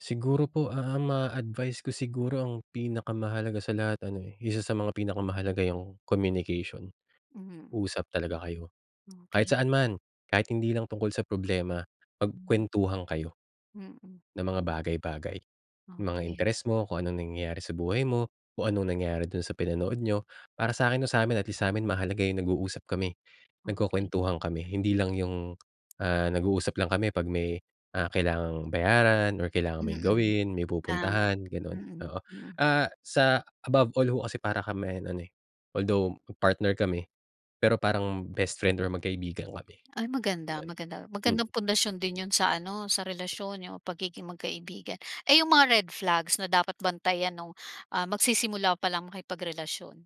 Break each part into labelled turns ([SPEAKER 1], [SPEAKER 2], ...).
[SPEAKER 1] Siguro po ang ma-a-advice ko siguro ang pinakamahalaga sa lahat ano eh, isa sa mga pinakamahalaga 'yung communication,
[SPEAKER 2] Mhm.
[SPEAKER 1] usap talaga kayo. Kahit
[SPEAKER 2] Okey.
[SPEAKER 1] saan man, kahit hindi lang tungkol sa problema,
[SPEAKER 2] Hmm.
[SPEAKER 1] magkuwentuhan kayo.
[SPEAKER 2] Mm.
[SPEAKER 1] Ng mga bagay bagay, mga
[SPEAKER 2] Okey.
[SPEAKER 1] interes mo, kung anong nangyayari sa buhay mo, kung anong nangyari dun sa pinanood niyo. Para sa'kin o sa'min at least sa'min mahalaga 'yung nag-uusap kami,
[SPEAKER 2] Okey.
[SPEAKER 1] nagkukuwentuhan kami, hindi lang 'yung, ah, nag-uusap lang kami pag may, ah, kailangang bayaran or kailangan may
[SPEAKER 2] Mm,
[SPEAKER 1] gawin, may
[SPEAKER 2] tama.
[SPEAKER 1] pupuntahan, gano'n,
[SPEAKER 2] Mm,
[SPEAKER 1] oo.
[SPEAKER 2] mm.
[SPEAKER 1] Ah, sa above all ho kasi para kaming ano eh, although partner kami, pero parang best friend or magkaibigan kami.
[SPEAKER 2] Ay maganda maganda,
[SPEAKER 1] Hmm.
[SPEAKER 2] magandang pundasyon din 'yun sa ano sa relasyon, 'yung pagiging magkaibigan. Ay 'yung mga red flags na dapat bantayan nung, ah, magsisimula palang makipagrelasyon?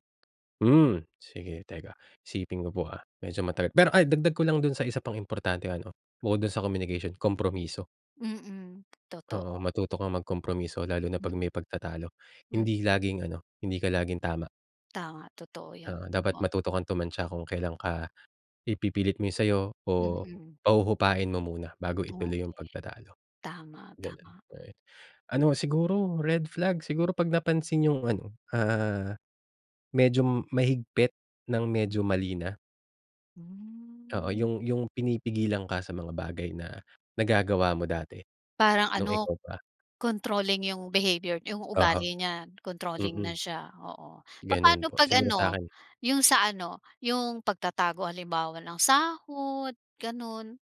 [SPEAKER 1] Hmm, sige teka. Isipin ko po, ah, medyo matagal pero, ay dagdag ko lang dun sa isa pang importanteng ano, bukod dun sa communication, kompromiso.
[SPEAKER 2] Mm,
[SPEAKER 1] Oo,
[SPEAKER 2] totoo.
[SPEAKER 1] matuto kang mag kompromiso lalo na pag
[SPEAKER 2] Mm.
[SPEAKER 1] may pagtatalo.
[SPEAKER 2] Mm.
[SPEAKER 1] Hindi laging ano, hindi ka laging tama.
[SPEAKER 2] Tama, totoo 'yun.
[SPEAKER 1] Oo, dapat
[SPEAKER 2] Oo.
[SPEAKER 1] matuto kang tumantya kung kelan ka, ipipilit mo 'yung sa'yo o
[SPEAKER 2] Mm.
[SPEAKER 1] pahuhupain mo muna bago ituloy 'yung
[SPEAKER 2] Okey.
[SPEAKER 1] pagtatalo.
[SPEAKER 2] Tama,
[SPEAKER 1] Gano'n,
[SPEAKER 2] tama.
[SPEAKER 1] ayun. Ano siguro red flag siguro pag napansin 'yung ano, ah, medyo mahigpit ng medyo mali na. Oo,
[SPEAKER 2] Hmm.
[SPEAKER 1] 'yung 'yung pinipigilan ka sa mga bagay na nagagawa mo dati,
[SPEAKER 2] Parang
[SPEAKER 1] nung
[SPEAKER 2] ano,
[SPEAKER 1] ikaw pa.
[SPEAKER 2] controlling 'yung behavior 'yung
[SPEAKER 1] Oho,
[SPEAKER 2] ugali niya, controlling
[SPEAKER 1] mm.
[SPEAKER 2] na siya, oo.
[SPEAKER 1] Gano'n
[SPEAKER 2] Papaano
[SPEAKER 1] po,
[SPEAKER 2] pag
[SPEAKER 1] siguro
[SPEAKER 2] ano,
[SPEAKER 1] sa'kin.
[SPEAKER 2] 'yung sa ano 'yung pagtatago halimbawa ng sahod, gano'n?